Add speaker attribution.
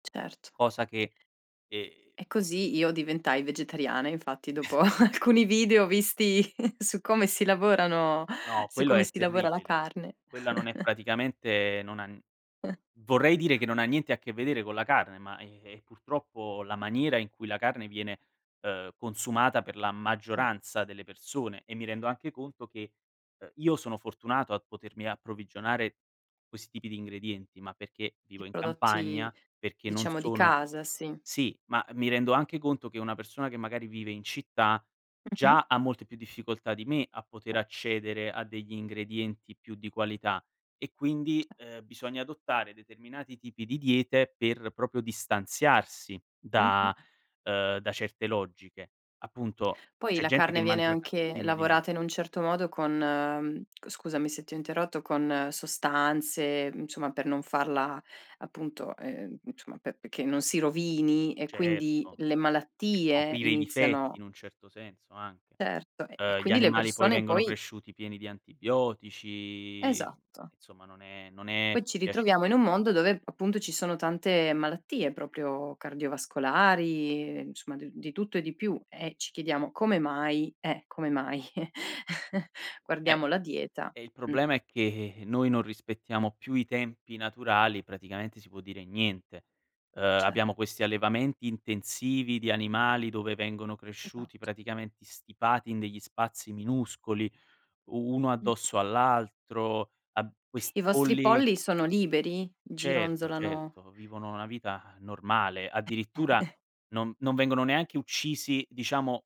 Speaker 1: Certo.
Speaker 2: Cosa che, ehm
Speaker 1: E così io diventai vegetariana, infatti dopo alcuni video visti su come si lavorano
Speaker 2: No,
Speaker 1: su
Speaker 2: quello
Speaker 1: come
Speaker 2: è
Speaker 1: si lavora la
Speaker 2: terribile,
Speaker 1: carne.
Speaker 2: quella non è praticamente non ha vorrei dire che non ha niente a che vedere con la carne, ma e e purtroppo la maniera in cui la carne viene, uhm, consumata per la
Speaker 1: Certo.
Speaker 2: maggioranza delle persone e mi rendo anche conto che, uhm, io sono fortunato a potermi approvvigionare questi tipi di ingredienti, ma perché
Speaker 1: I
Speaker 2: vivo in
Speaker 1: prodotti,
Speaker 2: campagna, perché non
Speaker 1: diciamo, di
Speaker 2: sono
Speaker 1: casa, sì.
Speaker 2: sì, ma mi rendo anche conto che una persona che magari vive in città
Speaker 1: Mh-mh.
Speaker 2: già ha molte più difficoltà di me a poter accedere a degli ingredienti più di qualità e quindi,
Speaker 1: Ce
Speaker 2: ehm, bisogna adottare determinati tipi di diete per proprio distanziarsi
Speaker 1: Mh-mh.
Speaker 2: da, uhm, da certe logiche. Appunto
Speaker 1: Poi
Speaker 2: c'è
Speaker 1: la
Speaker 2: gente che
Speaker 1: carne viene
Speaker 2: mangia ca
Speaker 1: anche
Speaker 2: dimmi, dimmi.
Speaker 1: lavorata in un certo modo con- c scusami se ti ho interrotto- con sostanze, insomma, per non farla appunto, ehm, insomma, pe che non si rovini e quindi
Speaker 2: Certo,
Speaker 1: le
Speaker 2: per
Speaker 1: malattie
Speaker 2: coprire i difetti
Speaker 1: iniziano
Speaker 2: in un certo senso, anche.
Speaker 1: Certo, e e
Speaker 2: Uhm, gli
Speaker 1: quindi le
Speaker 2: animali poi
Speaker 1: persone
Speaker 2: vengono
Speaker 1: poi
Speaker 2: cresciuti pieni di antibiotici, mhmm,
Speaker 1: Esatto.
Speaker 2: insomma non è non è
Speaker 1: Poi ci ritroviamo in
Speaker 2: piacevole.
Speaker 1: un mondo dove p appunto ci sono tante malattie proprio cardiovascolari, e insomma, d di tutto e di più e ci chiediamo: "Come mai?" eh, come mai.
Speaker 2: Eh.
Speaker 1: Guardiamo la dieta,
Speaker 2: E il
Speaker 1: mh.
Speaker 2: problema è che noi non rispettiamo più i tempi naturali, praticamente si può dire niente. Uhm,
Speaker 1: Cer
Speaker 2: abbiamo questi allevamenti intensivi di animali dove vengono cresciuti
Speaker 1: Esatto.
Speaker 2: praticamente stipati in degli spazi minuscoli, uno
Speaker 1: Mh-mh.
Speaker 2: addosso all'altro, ab
Speaker 1: I
Speaker 2: questi
Speaker 1: vostri
Speaker 2: polli
Speaker 1: polli sono liberi?
Speaker 2: Certo,
Speaker 1: Gironzolano
Speaker 2: certo. Vivono una vita ha normale, addirittura
Speaker 1: [unintelligible]
Speaker 2: non non vengono neanche uccisi, diciamo